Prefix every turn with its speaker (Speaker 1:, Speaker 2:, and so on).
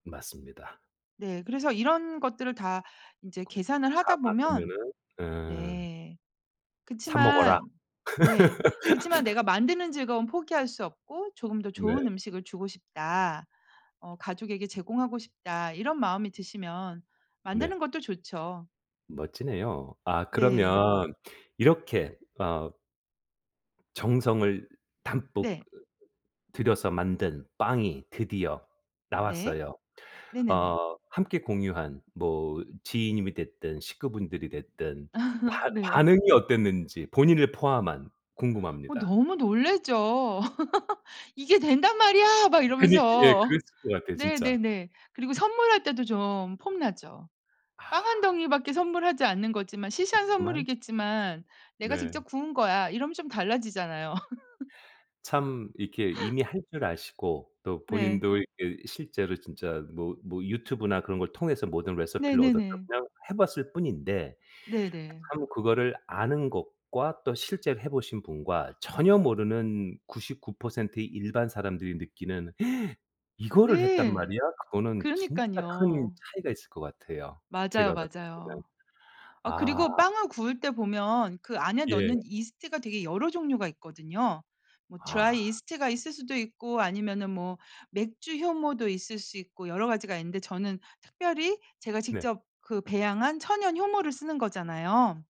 Speaker 1: 맞습니다.
Speaker 2: 네, 그래서 이런 것들을 다 인제
Speaker 1: 그
Speaker 2: 계산을 하다 보면
Speaker 1: 감안하면은 으.
Speaker 2: 네.
Speaker 1: 사 먹어라.
Speaker 2: 그치만 네. 그치만 '내가 만드는 즐거움은 포기할 수 없고 조금 더 좋은
Speaker 1: 네.
Speaker 2: 음식을 주고 싶다. 어 가족에게 제공하고 싶다.' 이런 마음이 드시면
Speaker 1: 네.
Speaker 2: 만드는 것도 좋죠.
Speaker 1: 멋지네요. 아,
Speaker 2: 네.
Speaker 1: 그러면 이렇게 어 정성을 담뿍
Speaker 2: 네.
Speaker 1: 들여서 만든 빵이 드디어
Speaker 2: 네.
Speaker 1: 나왔어요.
Speaker 2: 네네네.
Speaker 1: 어 함께 공유한 뭐 지인님이 됐든 식구분들이 됐든 반
Speaker 2: 네.
Speaker 1: 반응이 어땠는지 본인을 포함한
Speaker 2: 어
Speaker 1: 궁금합니다.
Speaker 2: 너무 놀라죠. '이게 된단 말이야!' 막
Speaker 1: 그니 예
Speaker 2: 이러면서.
Speaker 1: 그랬을 것 같아요 진짜.
Speaker 2: 네네네. 그리고 선물할 때도 좀 폼나죠. 빵 1
Speaker 1: 아.
Speaker 2: 덩이밖에 선물하지 않는 거지만 시시한
Speaker 1: 그렇지만
Speaker 2: 선물이겠지만 "내가
Speaker 1: 네.
Speaker 2: 직접 구운 거야." 이러면 좀 달라지잖아요.
Speaker 1: 참 이렇게 이미 할 줄 아시고 또
Speaker 2: 네.
Speaker 1: 본인도 이렇게 실제로 진짜 뭐 뭐 유튜브나 그런 걸 통해서 모든 레서피를
Speaker 2: 네네네.
Speaker 1: 얻었다면 해 봤을 뿐인데
Speaker 2: 네네.
Speaker 1: 참 그거를 아는 것과 또 실제로 해 보신 분과 전혀 모르는 99% 의 일반 사람들이 느끼는 "이거를 했단
Speaker 2: 네.
Speaker 1: 말이야." 그거는 진짜 큰
Speaker 2: 그러니깐요.
Speaker 1: 차이가 있을 것 같아요 제가
Speaker 2: 맞아요,
Speaker 1: 봤을 때는.
Speaker 2: 맞아요. 아
Speaker 1: 아.
Speaker 2: 그리고 빵을 구울 때 보면 그 안에
Speaker 1: 예.
Speaker 2: 넣는 이스트가 되게 여러 종류가 있거든요. 뭐
Speaker 1: 아.
Speaker 2: 드라이 이스트가 있을 수도 있고 아니면은 뭐 맥주 효모도 있을 수 있고 여러 가지가 있는데 저는 특별히 제가
Speaker 1: 네.
Speaker 2: 직접 그 배양한 천연 효모를 쓰는 거잖아요.